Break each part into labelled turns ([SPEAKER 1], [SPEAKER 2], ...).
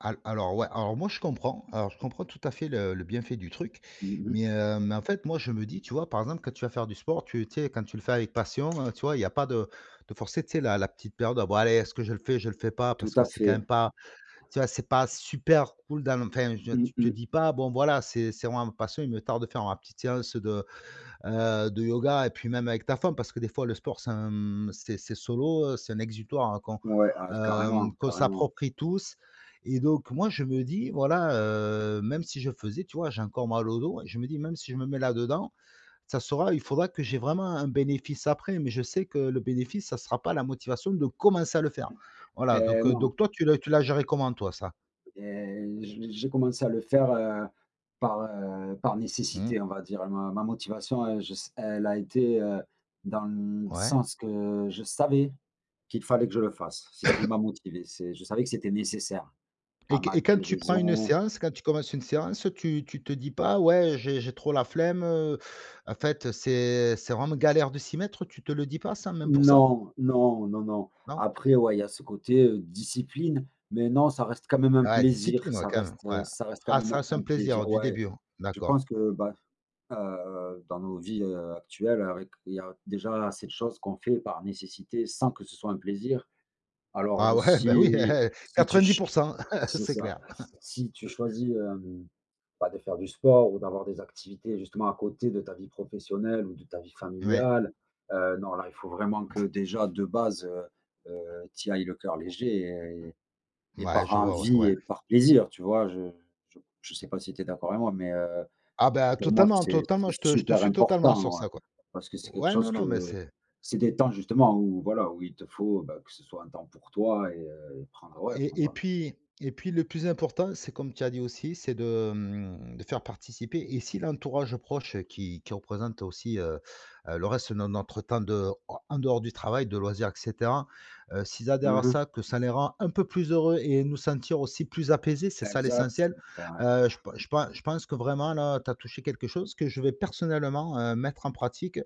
[SPEAKER 1] Al alors, ouais, alors moi, je comprends, alors je comprends, tout à fait, le le bienfait du truc
[SPEAKER 2] Mmh mh.
[SPEAKER 1] mais heu, mais en fait, moi, je me dis, tu vois, par exemple, quand tu vas faire du sport, tu tu sais, quand tu le fais avec passion, heu, tu vois, il y a pas de de forcer, tu sais, la la petite période «Ah, bah, allez, est-ce que je le fais, je le fais pas?»
[SPEAKER 2] Tout
[SPEAKER 1] parce que
[SPEAKER 2] à
[SPEAKER 1] c'est quand
[SPEAKER 2] fait.
[SPEAKER 1] même pas, tu vois, c'est pas super cool dans enfin,
[SPEAKER 2] Mmh
[SPEAKER 1] tu te
[SPEAKER 2] mh.
[SPEAKER 1] dis pas: «Bon, enfin, voilà, c'est c'est vraiment ma passion, il me tarde de faire ma petite séance de, heu, de yoga» et puis même avec ta femme parce que des fois le sport c'est, hem, c'est c'est solo, c'est un exutoire qu'on,
[SPEAKER 2] Ouais, ah
[SPEAKER 1] hem,
[SPEAKER 2] carrément,
[SPEAKER 1] qu'on
[SPEAKER 2] carrément.
[SPEAKER 1] s'approprie tous et donc, moi, je me dis, voilà, heu, même si je faisais, tu vois, j'ai encore mal au dos et je me dis: «Même si je me mets là dedans, ça sera il faudra que j'ai vraiment un bénéfice après» mais je sais que le bénéfice, ça sera pas la motivation de commencer à le faire, voilà,
[SPEAKER 2] Hé!
[SPEAKER 1] donc heu,
[SPEAKER 2] Non.
[SPEAKER 1] donc toi, tu tu l'as géré comment toi, ça?
[SPEAKER 2] Et j j'ai commencé à le faire, heu, par, heu, par
[SPEAKER 1] Mmh.
[SPEAKER 2] nécessité, on va dire, ma ma motivation, heu, je sais, elle a été, heu, dans le
[SPEAKER 1] Ouais.
[SPEAKER 2] sens que je savais qu'il fallait que je le fasse. C'est ce qui m'a motivé, c'est je savais que c'était nécessaire à
[SPEAKER 1] Et q
[SPEAKER 2] ma
[SPEAKER 1] et quand tu prends une
[SPEAKER 2] guérison
[SPEAKER 1] séance, quand tu commences une séance, tu tu te dis pas: «Ouais, heu, j'ai j'ai trop la flemme, heu, en fait, c'est c'est vraiment galère de s'y mettre», tu te le dis pas ça, même pour ça?
[SPEAKER 2] Non, non, non, non,
[SPEAKER 1] Non?
[SPEAKER 2] après ouais, il y a ce côté, heu, discipline, mais non, ça reste quand même un
[SPEAKER 1] Ah ouais,
[SPEAKER 2] plaisir,
[SPEAKER 1] discipline, ouais,
[SPEAKER 2] ça
[SPEAKER 1] quand même,
[SPEAKER 2] reste, heu,
[SPEAKER 1] ouais,
[SPEAKER 2] ça reste quand
[SPEAKER 1] ah ça
[SPEAKER 2] même
[SPEAKER 1] reste un
[SPEAKER 2] un plaisir,
[SPEAKER 1] plaisir du
[SPEAKER 2] ouais,
[SPEAKER 1] début, hein,
[SPEAKER 2] je
[SPEAKER 1] d'accord.
[SPEAKER 2] pense que, bah, heu, dans nos vies, heu, actuelles avec il y a déjà assez de choses qu'on fait par nécessité sans que ce soit un plaisir alors,
[SPEAKER 1] Ah
[SPEAKER 2] heu,
[SPEAKER 1] ouais, bah, oui, hé
[SPEAKER 2] si
[SPEAKER 1] hé,
[SPEAKER 2] si tu
[SPEAKER 1] quatre-vingt-dix
[SPEAKER 2] ch
[SPEAKER 1] pour cent,
[SPEAKER 2] c'est
[SPEAKER 1] c'est
[SPEAKER 2] ça,
[SPEAKER 1] clair.
[SPEAKER 2] si tu choisis, hem, bah, de faire du sport ou d'avoir des activités justement à côté de ta vie professionnelle ou de ta vie
[SPEAKER 1] Ouais.
[SPEAKER 2] familiale, heu, non, là, il faut vraiment
[SPEAKER 1] Mmh.
[SPEAKER 2] que déjà, de base, heu heu, tu y ailles le cœur léger et et
[SPEAKER 1] Mouais,
[SPEAKER 2] par
[SPEAKER 1] je vois, ouais,
[SPEAKER 2] envie
[SPEAKER 1] ouais.
[SPEAKER 2] et par plaisir, tu vois? Je je je sais pas si tu es d'accord avec moi, mais heu,
[SPEAKER 1] Ah ben,
[SPEAKER 2] pour moi,
[SPEAKER 1] totalement,
[SPEAKER 2] c'est
[SPEAKER 1] totalement,
[SPEAKER 2] c'est
[SPEAKER 1] je te je te
[SPEAKER 2] super
[SPEAKER 1] suis totalement sur
[SPEAKER 2] important
[SPEAKER 1] ça, quoi.
[SPEAKER 2] parce que c'est quelque
[SPEAKER 1] Ouais, non,
[SPEAKER 2] chose
[SPEAKER 1] non, mais
[SPEAKER 2] que
[SPEAKER 1] c'est
[SPEAKER 2] c'est des temps justement où voilà, où il te faut, bah, que ce soit un temps pour toi et heu, prendre, ouais,
[SPEAKER 1] Et
[SPEAKER 2] prendre
[SPEAKER 1] et
[SPEAKER 2] un
[SPEAKER 1] puis et puis le plus important c'est comme tu as dit aussi c'est de, hem, de faire participer et si l'entourage proche qui qui représente aussi, heu heu, le reste de notre temps de en dehors du travail, de loisirs et cetera, heu, s'ils adhèrent
[SPEAKER 2] Mmh
[SPEAKER 1] à
[SPEAKER 2] mh.
[SPEAKER 1] ça, que ça les rend un peu plus heureux et nous sentir aussi plus apaisés, c'est ça
[SPEAKER 2] Exact.
[SPEAKER 1] l'essentiel, heu, je p je pen je pense que vraiment, là, tu as touché quelque chose que je vais personnellement, heu, mettre en pratique,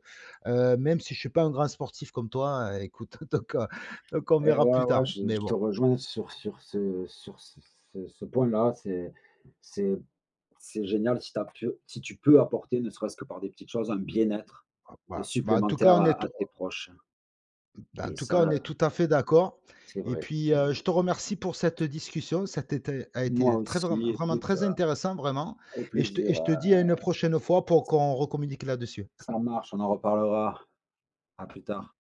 [SPEAKER 1] heu, même si je suis pas un grand sportif comme toi, écoute, donc heu, donc on
[SPEAKER 2] Eh
[SPEAKER 1] verra
[SPEAKER 2] ouais,
[SPEAKER 1] plus
[SPEAKER 2] ouais,
[SPEAKER 1] tard
[SPEAKER 2] je
[SPEAKER 1] mais
[SPEAKER 2] je te
[SPEAKER 1] bon.
[SPEAKER 2] rejoins sur sur ce sur ce ce ce point-là, c'est c'est c'est génial si tu as pu si tu peux apporter ne serait-ce que par des petites choses un bien-être, heu,
[SPEAKER 1] Bah bah, en tout cas,
[SPEAKER 2] supplémentaire
[SPEAKER 1] on
[SPEAKER 2] à
[SPEAKER 1] est
[SPEAKER 2] à tes proches
[SPEAKER 1] ben, en
[SPEAKER 2] et
[SPEAKER 1] tout cas,
[SPEAKER 2] ça,
[SPEAKER 1] on est
[SPEAKER 2] heu
[SPEAKER 1] tout à fait d'accord
[SPEAKER 2] C'est
[SPEAKER 1] et
[SPEAKER 2] vrai,
[SPEAKER 1] puis,
[SPEAKER 2] c'est
[SPEAKER 1] heu,
[SPEAKER 2] vrai.
[SPEAKER 1] je te remercie pour cette discussion, ça tété a
[SPEAKER 2] Moi
[SPEAKER 1] été très vraim
[SPEAKER 2] aussi,
[SPEAKER 1] vraiment
[SPEAKER 2] écoute,
[SPEAKER 1] très
[SPEAKER 2] heu,
[SPEAKER 1] intéressant, vraiment
[SPEAKER 2] au
[SPEAKER 1] et je te
[SPEAKER 2] plaisir,
[SPEAKER 1] je te
[SPEAKER 2] heu
[SPEAKER 1] dis à une prochaine fois pour qu'on recommunique là-dessus.
[SPEAKER 2] ça marche, on en reparlera à plus
[SPEAKER 1] Mmh.
[SPEAKER 2] tard.